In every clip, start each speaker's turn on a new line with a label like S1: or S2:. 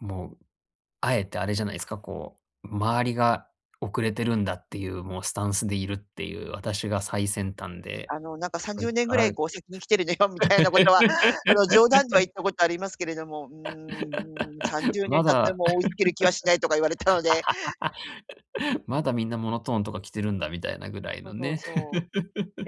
S1: もう、あえてあれじゃないですか、こう、周りが遅れてるんだっていう、もうスタンスでいるっていう、私が最先端で、
S2: あの、なんかさん
S1: こ
S2: じ
S1: れ
S2: ゅうねん
S1: か
S2: ぐら
S1: ら
S2: いこう先に来てるのよみたいなことはあの冗談では言 ったことありますけれども、うーん、うん、さんじ ゅうねん
S1: ま
S2: 経って
S1: だ。
S2: も追いつける気はしないとか言われたので
S1: まだみんなモノトーンとか着てるんだみたいなぐらい
S2: そ
S1: の
S2: うそう
S1: ね。
S2: そう。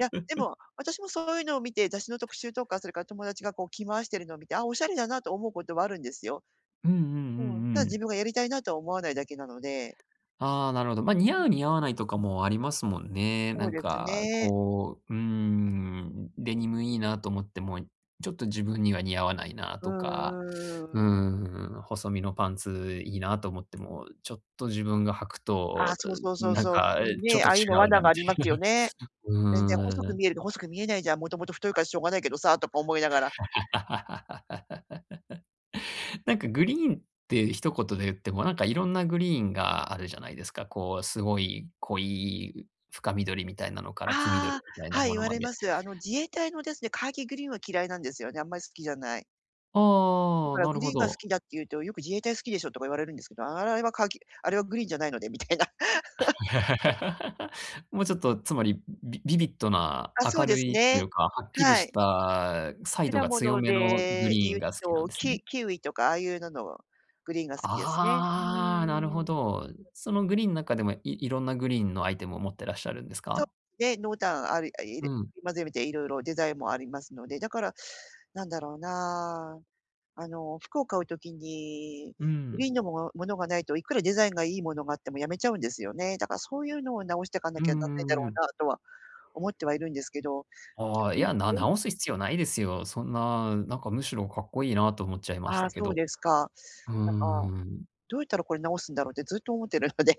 S2: いや、で も、私もそういうのを見て、雑誌の特集とか、それから友達がこう着回しているのを見て、ああ、おしゃれだなと思うことはあるんですよ。
S1: うんうんう
S2: うん、ただ
S1: んう
S2: 自
S1: ん。
S2: 分がやりたいなとは思わないだけなので。
S1: ああ、なるほど。
S2: う
S1: ま、似
S2: ん。
S1: 合う似合わないとかもありますもんね。
S2: そ
S1: な
S2: う
S1: ん
S2: です
S1: か
S2: ね。
S1: こう、うーん、デニムいいなと思っても、ちょっと自分には似合わないな
S2: う
S1: とか、
S2: んうん、うーん。
S1: ん、細身のパンツいいなと思っても、ちょっと自分が履く
S2: ああ、
S1: と、
S2: そうそうそ
S1: ん、
S2: う
S1: なん
S2: そう、
S1: か
S2: 特に
S1: ちょっ
S2: ね、
S1: と
S2: あ
S1: 違
S2: あいうの
S1: う
S2: 罠
S1: な
S2: があ
S1: みた
S2: りま
S1: いな。
S2: すよね。全然細
S1: うー
S2: く
S1: ん。
S2: 見えると細く見えないじゃん、もともと太いからしょうがないけどさあ、とか思いながら。
S1: なんかグリーンって一言で言っても、なんかいろんなグリーンがあるじゃないですか。こう、すごい濃い深緑みたいなのから、黄緑
S2: あ、
S1: みたいな
S2: はい、
S1: も
S2: 言
S1: の
S2: わ
S1: ま
S2: れ
S1: で。
S2: ます。あの自衛隊のですね、カーキーグリーンは嫌いなんですよね、あんまり好きじゃない。だ
S1: ああ、
S2: から
S1: な
S2: グ
S1: る
S2: リ
S1: ほ
S2: ーンが好
S1: ど。
S2: きだっていうと、よく「自衛隊好きでしょ」とか言われるんですけど、あれはカーキ、あれはグリーンじゃないのでみたいな。
S1: もうちょっと、つまり、ビビビットな
S2: あ、そう
S1: 明
S2: で
S1: る
S2: す
S1: いとい
S2: ね。
S1: うか、はっきり
S2: は
S1: し
S2: い。
S1: た彩度
S2: 果
S1: が強
S2: 物
S1: めのグ
S2: で
S1: リ
S2: い
S1: ーン
S2: う
S1: が好きな
S2: と、
S1: んですね。
S2: キキウイとかああいうののグリーンが好きですね。う
S1: あ、なるほ
S2: ん。
S1: ど。そのグリーンの中でもいいろんなグリーンのアイテムを持ってらっしゃるんです
S2: そう
S1: か？
S2: ね、濃淡ありあ
S1: う
S2: り
S1: ん。
S2: まとめていろいろデザインもありますので、だから何だろうな、あの服を買う時に、
S1: う
S2: グリ
S1: ん。
S2: ーンのもものがないと、いくらデザインがいいものがあってもやめちゃうんですよね。だからそういうのを直していか
S1: う
S2: なきゃな
S1: ん
S2: んな
S1: う
S2: いんだろ
S1: んうん。
S2: うなとは思ってはいるんですけど
S1: ああ、いや、な 直す必要ないですよ。そんな、なんか、むしろかっこいいと思っちゃいまし
S2: ああ
S1: たけ
S2: そう
S1: ど。
S2: ですか。
S1: うー
S2: なんか
S1: ん。
S2: どうやったらこれ直すんだろうってずっと思ってるので。